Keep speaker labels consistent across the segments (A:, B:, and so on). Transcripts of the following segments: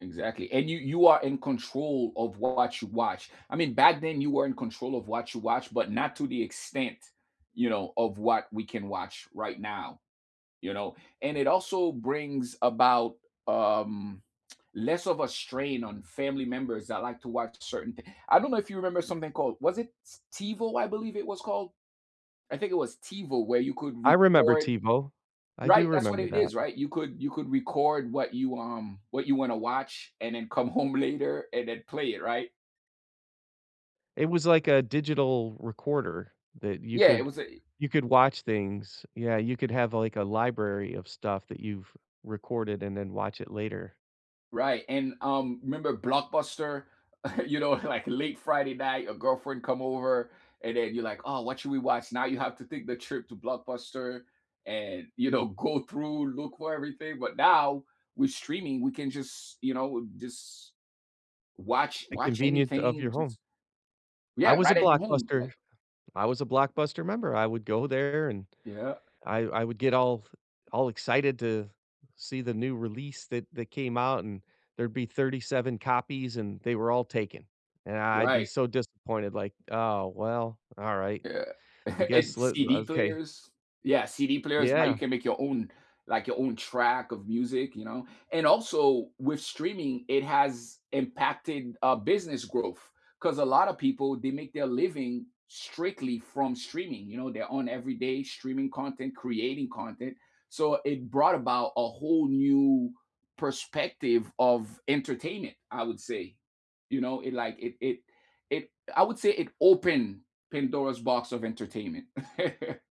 A: Exactly, and you you are in control of what you watch, I mean, back then you were in control of what you watch, but not to the extent, you know, of what we can watch right now, you know? And it also brings about, um, less of a strain on family members that like to watch certain thi I don't know if you remember something called, was it T TiVo, I believe it was called? I think it was TiVo where you could
B: I remember
A: record
B: TiVo. I do
A: Right, that's what
B: remember
A: it
B: that.
A: is, right? You could you could record what you, um what you wanna watch and then come home later and then play it, right?
B: It was like a digital recorder that you
A: Yeah, it
B: could
A: was a e
B: you could watch things. Yeah, you could have, like, a library of stuff that you've recorded and then watch it later.
A: Right, and, um, remember Blockbuster, you know like late Friday night, your girlfriend come over and then you're like, "Oh, what should we watch?" Now you have to take the trip to Blockbuster and, you know, go through, look for everything, but now, with streaming, we can just, you know, w just watch
B: The
A: watch
B: convenience of
A: anything,
B: your
A: just
B: home. I
A: Yeah,
B: was a
A: right at your home,
B: Blockbuster
A: like
B: I was a Blockbuster member, I would go there, and
A: Yeah.
B: I I would get all all excited to see the new release that that came out, and there'd be 37 copies, and they were all taken. And I I'd be
A: Right.
B: so disappointed, like, "Oh, well, alright.
A: Yeah.
B: I guess
A: And
B: loo" l
A: CD
B: okay.
A: players. Yeah, CD players, now you
B: Yeah.
A: can make your own like, your own track of music, you know? And also, with streaming, it has impacted, uh, business growth 'cause a lotta people, they make their living strictly from streaming, you know, their own everyday-streaming content, creating content, so, it brought about a whole new perspective of entertainment, I would say. You know, it like it it it I would say it opened Pandora's box of entertainment.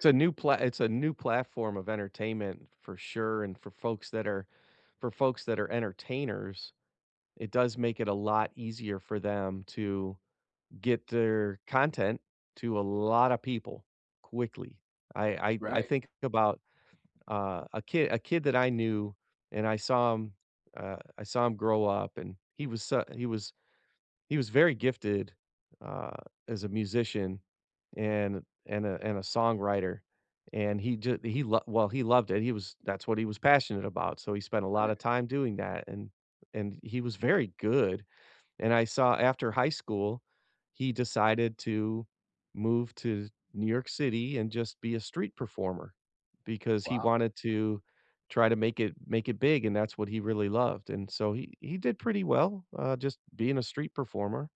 B: It's a new pla it's a new platform of entertainment for sure, and for folks that are for folks that are entertainers, it does make it a lot easier for them to get their content to a lotta people quickly. I I I
A: Right.
B: think about, uh, a ki a kid that I knew, and I saw him uh, I saw him grow up, and he was su he was he was very gifted, uh, as a musician and and a and a songwriter, and he ju he well, he loved it, he was that's what he was passionate about, so he spent a lotta
A: [unintelligible]
B: time doing that, and and he was very good, and I saw after high school, he decided to move to New York City and just be a street performer because he
A: Wow.
B: wanted to try to make it make it big, and that's what he really loved, and so he he did pretty well, uh, just being a street performer,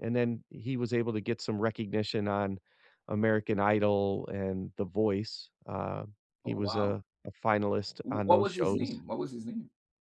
B: and then, he was able to get some recognition on American Idol and The Voice, uh, he
A: Oh,
B: was
A: wow.
B: a a finalist
A: W
B: on
A: what
B: those
A: was his
B: shows.
A: name? What was his name?